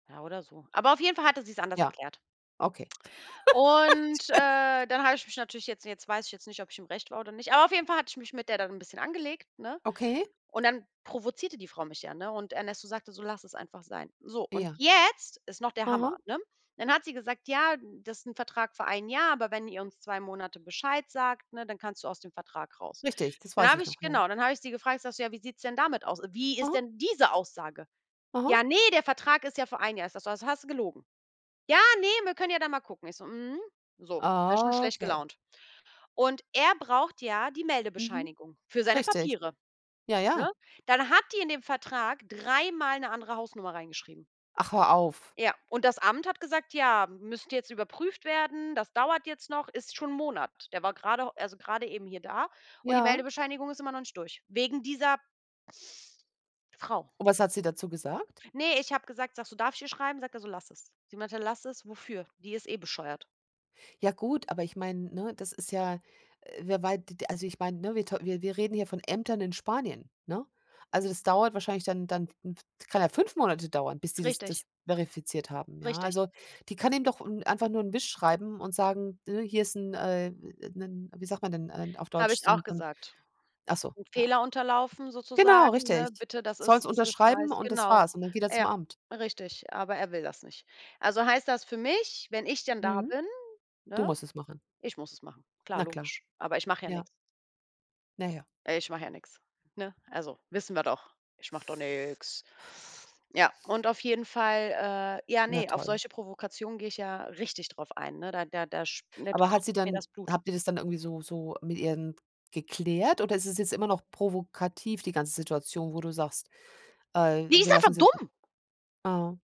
Ja, oder so. Aber auf jeden Fall hatte sie's anders Ja, erklärt. okay. Und, äh, dann habe [unintelligible] ich mich natürlich jetzt jetzt weiß ich jetzt nicht, ob ich im Recht war oder nicht, aber auf jeden Fall hatte ich mich mit der dann 'n bisschen angelegt, ne? Okay. Und dann provozierte die Frau mich ja, ne, und Ernesto sagte so: „Lass es einfach sein.“ So und Ja. jetzt ist noch der Hammer, Mhm. ne? Dann hat sie gesagt: „Ja, das ist 'n Vertrag für 1 Jahr, aber wenn ihr uns 2 Monate Bescheid sagt, ne, dann kannst du aus dem Vertrag raus.“ Richtig, das Dann weiß habe ich ich noch, ja. genau, dann habe ich sie gefragt, sage so: „Ja, wie sieht's denn damit aus? Wie ist Aha. denn diese Aussage?“ Aha. Ja, ne, der Vertrag ist ja für 1 Jahr. Ich sage so: „Also hast du gelogen.“ Ja, ne, wir können ja dann mal gucken. Ich so: „Mhm.“ So, war ich schon schlecht Okay. gelaunt. Und er braucht ja die Mhm. Meldebescheinigung für seine Richtig. Papiere, Ja, ne? ja. Dann hat die in dem Vertrag dreimal 'ne andere Hausnummer reingeschrieben. Ach, hör auf. Ja, und das Amt hat gesagt: „Ja, m müsste jetzt überprüft werden, das dauert jetzt noch.“ Ist schon 'n Monat. Der war grade also grade eben hier da und die Ja. Meldebescheinigung ist immer noch nicht durch wegen dieser Frau. Und was hat sie dazu gesagt? Ne, ich habe gesagt sage so: „Darf ich ihr schreiben?“ Sagt er so: „Lass es.“ Sie meinte: „Lass es. Wofür? Die ist eh bescheuert.“ Ja gut, aber ich meine, ne, das ist ja, äh wer wei d d also ich meine, ne, wir tau wir wir reden hier von Ämtern in Spanien, ne? Also, das dauert wahrscheinlich dann dann w d kann ja 5 Monate dauern, bis die das Richtig. das verifiziert haben, ja? Richtig. Also, die kann ihm doch n einfach nur 'n Wisch schreiben und sagen, ne, hier ist 'n, äh 'n wie sagt man denn, äh, auf Habe Deutsch? ich So auch 'n so 'n gesagt. ach so, 'N ja. Fehler unterlaufen Genau, sozusagen, ne, richtig. bitte, das Soll's ist das ist. [unintelligible] unterschreiben und das Genau. war's und dann geht er zum Ja, Amt. richtig. Aber er will das nicht. Also, heißt das für mich, wenn ich denn da Mhm, bin, du ne, musst es machen. ich muss es machen. Klar, Na klar. logisch. Aber ich mache ja Ja. nix. Na ja. Ich mache ja nix, ne? Also, wissen wir doch. Ich mache doch nix. Ja, und auf jeden Fall, äh ja Na ne, auf toll. solche Provokationen gehe ich ja richtig drauf ein, ne? Da da da sch ne, Aber hat kocht sie mir dann das Blut. habt ihr das dann irgendwie so so mit ihr denn geklärt oder ist es jetzt immer noch provokativ die ganze Situation, wo du sagst: „Äh, Die wir ist lassen einfach uns jetzt“ dumm. ah.